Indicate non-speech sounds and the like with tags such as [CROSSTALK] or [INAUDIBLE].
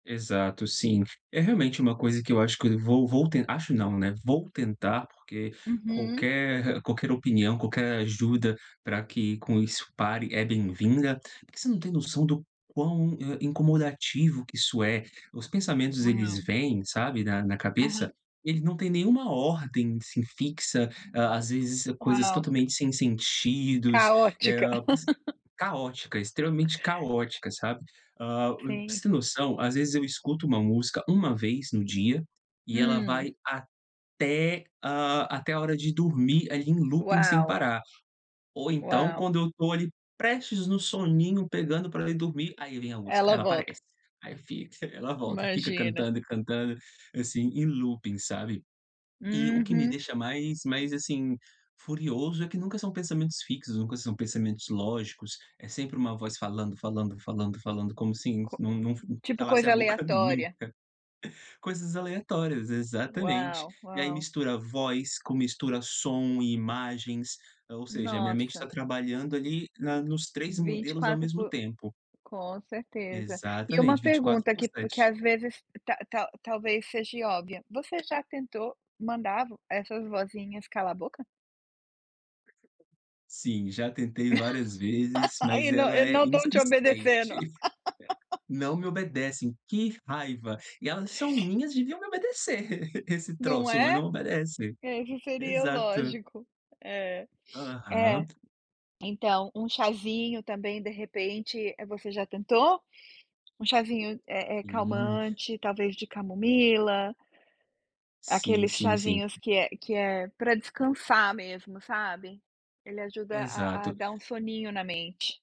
Exato, sim. É realmente uma coisa que eu acho que eu vou vou te acho não, né, vou tentar, porque Uhum. qualquer [CHUCKLES] qualquer opinião, qualquer ajuda pra que com isso pare, é bem-vinda. Porque você não tem noção do quão, eh, incomodativo que isso é. Os pensamentos, eles vêm, sabe, na na Aham. cabeça, eles não têm nenhuma ordem, assim, fixa. À às vezes coisas Uau. totalmente sem sentidos, eh, Caótica. hã, [LAUGHS] caótica, extremamente caótica, sabe. Ah, pra Sim. você ter noção, às vezes eu escuto uma música 1 vez no dia e ela Hum. vai até, ah, até a hora de dormir ali em looping sem Uau. parar. Ou então Uau. quando eu tô ali prestes no soninho, pegando pra ir dormir, aí vem a música, Ela ela volta. aparece, aí fica, ela volta e fica Imagina. cantando e cantando, assim, em looping, sabe. E o que me Uhum. deixa mais mais, assim, furioso é que nunca são pensamentos fixos, nunca são pensamentos lógicos, é sempre uma voz falando, falando, falando, falando, como sim, Co não não não [CHUCKLES] tipo calasse a coisa boca nunca. aleatória. Coisas aleatórias, exatamente. Uau, E aí uau. mistura voz com, mistura som e imagens, eh, ou seja, minha mente tá Nossa. trabalhando ali na nos 3 vinte e modelos ao quatro mesmo por tempo. com certeza. E uma Exatamente, 24 pergunta por que que 7. às vezes ta ta talvez seja óbvia, você já tentou mandar essas vozinhas calar a boca? Sim, já tentei várias vezes, [LAUGHS] E mas na e ela é não estão te obedecendo. insistente. Não [LAUGHS] me obedecem, que raiva! E elas são minhas, deviam me obedecer [LAUGHS] esse Não troço, mas é? não obedece. Esse seria o Exato. lógico. É. É. Aham. Então um chazinho também, de repente, eh, você já tentou? Um chazinho, eh eh, Hum. calmante, talvez de camomila Sim, aqueles sim, sim. chazinhos que é que é pra descansar mesmo, sabe. Ele ajuda a a a Exato. dar um soninho na mente.